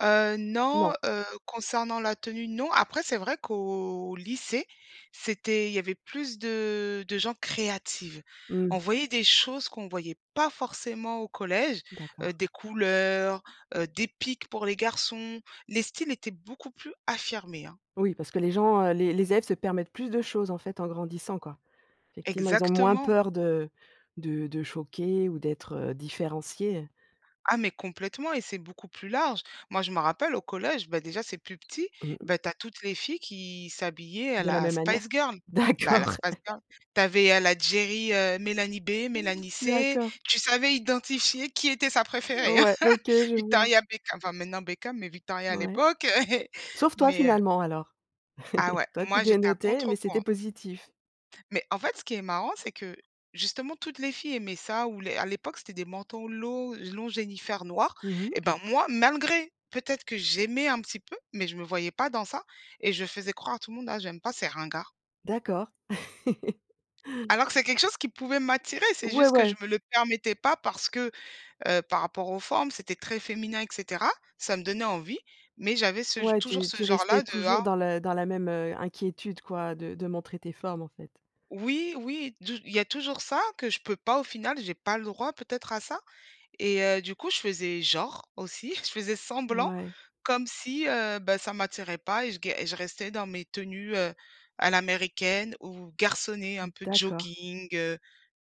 Heu, Non. non, heu, concernant la tenue, non. Après c'est vrai qu'au lycée, c'était il y avait plus de de gens créatives. On Mmh. voyait des choses qu'on voyait pas forcément au collège, D'accord. heu, des couleurs, heu, des pics pour les garçons, les styles étaient beaucoup plus affirmés, hein. Oui, parce que les gens, heu, les les élèves se permettent plus de choses en fait en grandissant, quoi. Effectivement, ils ont moins Exactement. peur de de de choquer ou d'être différenciés. Ah mais complètement et c'est beaucoup plus large. Moi je me rappelle au collège- bah déjà c'est plus petit- Mmh. bah tu as toutes les filles qui s'habillaient à De la la même Spice manière Girl. Bah à la d'accord. Spice Girl. Tu avais, heu, la Geri, heu, Mélanie B, Mélanie C, D'accord. tu savais identifier qui était sa préférée, hein. Ouais, OK, je vois. Victoria Beckam, enfin maintenant Beckam, mais Victoria à Mouais. l'époque. Sauf toi Mais heu finalement alors. Ah ouais, Toi tu moi j'étais à dénotais, mais c'était contre-courant. positif. Mais en fait ce qui est marrant c'est que, justement toutes les filles aimaient ça ou les à l'époque c'était des manteaux lo longs Jennyfer noirs Mmh mh. et ben moi malgré, peut-être que j'aimais un petit peu, mais je me voyais pas dans ça et je faisais croire à tout monde: «Ah j'aime pas c'est ringards». D'accord. Alors que c'est quelque chose qui pouvait m'attirer, c'est Ouais, juste que je ouais. me le permettais pas parce que, heu, par rapport aux formes, c'était très féminin et cetera. Ça me donnait envie, mais j'avais ce Ouais, toujours tu ce tu restais genre-là de ah toujours dans le dans la même inquiétude quoi de de montrer tes formes, en fait. Oui oui du il y a toujours ça que je peux pas au final, j'ai pas le droit peut-être à ça et heu, du coup je faisais genre aussi, je faisais semblant Ouais. comme si, heu, bah ça m'attirait pas et je g je restais dans mes tenues, heu, à l'américaine ou garçonnées un peu D'accord. jogging, heu,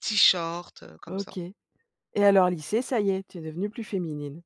t-shirts, heu, comme ça. OK et alors lycée, ça y tu es devenue plus féminine.